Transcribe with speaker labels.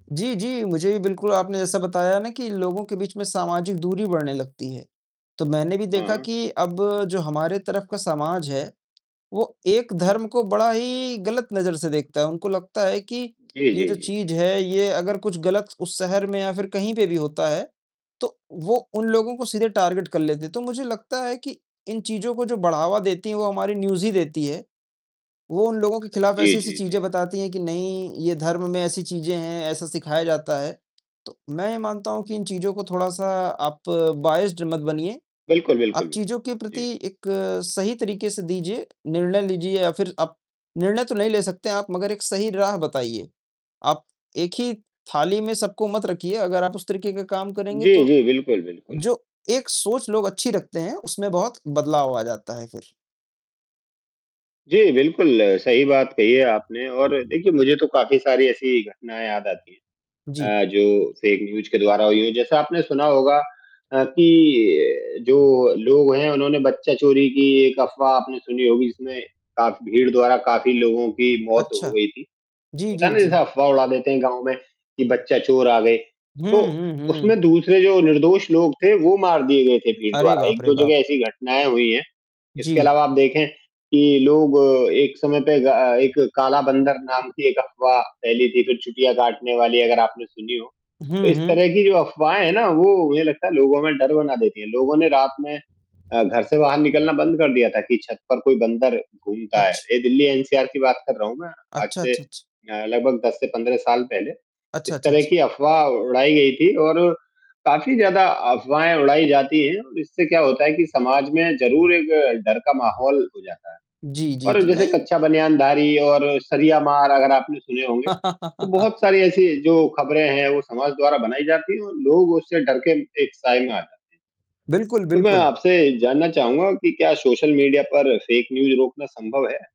Speaker 1: जी, जी, मुझे भी बिल्कुल आपने जैसा बताया ना कि इन लोगों के बीच में सामाजिक दूरी बढ़ने लगती है, तो मैंने भी
Speaker 2: हाँ,
Speaker 1: देखा
Speaker 2: हाँ।
Speaker 1: कि अब जो हमारे तरफ का समाज है, वो एक
Speaker 2: जी।
Speaker 1: धर्म को बड़ा ही गलत नज़र से देखता है। उनको लगता है कि,
Speaker 2: जी,
Speaker 1: ये
Speaker 2: जी,
Speaker 1: जो
Speaker 2: जी।
Speaker 1: चीज़ है ये अगर कुछ गलत उस शहर में या फिर कहीं पे भी होता है, तो वो उन लोगों को सीधे टारगेट कर लेते हैं, तो मुझे लगता है कि, इन चीज़ों को जो बढ़ावा देती हैं वो हमारी न्यूज़ ही देती है। वो उन लोगों के खिलाफ
Speaker 2: जी,
Speaker 1: ऐसी-ऐसी
Speaker 2: जी,
Speaker 1: चीज़ें
Speaker 2: जी।
Speaker 1: बताती हैं कि नहीं, ये धर्म में ऐसी चीज़ें हैं, ऐसा सिखाया जाता है, तो मैं ये मानता हूँ कि इन चीज़ों को थोड़ा-सा आप बायस्ड मत बनिए।
Speaker 2: बिल्कुल, बिल्कुल,
Speaker 1: आप
Speaker 2: बि
Speaker 1: चीज़ों के प्रति
Speaker 2: जी।
Speaker 1: एक सही तरीके से दीजिए, निर्णय लीजिए या फिर आप निर्णय तो नहीं ले सकते हैं आप मगर एक सही राह बताइए, आप एक ही थाली में सबको मत रखिए, अगर आप उस तरीके का काम करेंगे,
Speaker 2: जी,
Speaker 1: तो
Speaker 2: जी, बिल्कुल, बिल्कुल।
Speaker 1: जो एक सोच लोग अच्छी रखते हैं, उसमें बहुत बदलाव आ जाता है फिर।
Speaker 2: जी, बिल्कुल, सही बात कही है आपने और देखिए मुझे तो काफ़ी सारी ऐसी घटनाएँ याद आती
Speaker 1: जी।
Speaker 2: है अ, जो फेक न्यूज़ के द्वारा हुई है। जैसे आपने सुना होगा अ, कि अ, जो लोग हैं, उन्होंने बच्चा चोरी की एक अफवाह आपने सुनी होगी, जिसमें काफ़ भीड़ द्वारा काफ़ी लोगों की मौत हो
Speaker 1: अच्छा।
Speaker 2: गयी थी,
Speaker 1: जी,
Speaker 2: पता
Speaker 1: जी,
Speaker 2: है ना, जैसे
Speaker 1: जी।
Speaker 2: अफवाह उड़ा देते हैं गाँव में, कि बच्चा चोर आ गए।
Speaker 1: हुँ,
Speaker 2: तो
Speaker 1: हुँ,
Speaker 2: उसमें
Speaker 1: हुँ।
Speaker 2: दूसरे जो निर्दोष लोग थे, वो मार दिए गए थे भीड़
Speaker 1: अरे,
Speaker 2: द्वारा,
Speaker 1: बाप
Speaker 2: एक
Speaker 1: रे
Speaker 2: दो
Speaker 1: बाप!
Speaker 2: जगह ऐसी घटनाएँ हुई हैं, इसके
Speaker 1: जी।
Speaker 2: अलावा आप देखें, कि लोग एक समय पे ग अ, एक काला बंदर नाम की एक अफवाह फैली थी, फिर चुटियाँ काटने वाली अगर आपने सुनी हो। तो
Speaker 1: हुँ,
Speaker 2: इस
Speaker 1: हुँ।
Speaker 2: तरह की जो अफवाहें हैं ना, वो मुझे लगता है लोगों में डर बना देती हैं, लोगों ने रात में अ, घर से बाहर निकलना बंद कर दिया था कि छत पर कोई बंदर घूमता है,
Speaker 1: अच्छ
Speaker 2: ये दिल्ली एनसीआर की बात कर रहा हूँ मैं, आज
Speaker 1: अच्छा,
Speaker 2: से
Speaker 1: अच्छा, अच्छा।
Speaker 2: अ, लगभग 10 से 15 साल पहले।
Speaker 1: अच्छा,
Speaker 2: इस
Speaker 1: अच्छा,
Speaker 2: तरह
Speaker 1: अच्छा।
Speaker 2: की अफवाह उड़ाई गई थी और काफ़ी ज़्यादा अफवाहें उड़ाई जाती हैं और इससे क्या होता है कि समाज में ज़रूर एक डर का माहौल हो जाता है।
Speaker 1: जी, जी,
Speaker 2: और
Speaker 1: जी,
Speaker 2: जैसे
Speaker 1: नहीं
Speaker 2: कच्चा बनियानधारी और सरिया मार अगर आपने सुने होंगे, तो बहुत सारी ऐसी जो खबरें हैं, वो समाज द्वारा बनाई जाती है और लोग उससे डर के म एक साये में आ जाते
Speaker 1: बिल्कुल,
Speaker 2: हैं। तो, मैं
Speaker 1: बिल्कुल।
Speaker 2: आपसे जानना चाहूँगा कि क्या सोशल मीडिया पर फेक न्यूज़ रोकना सँभव है?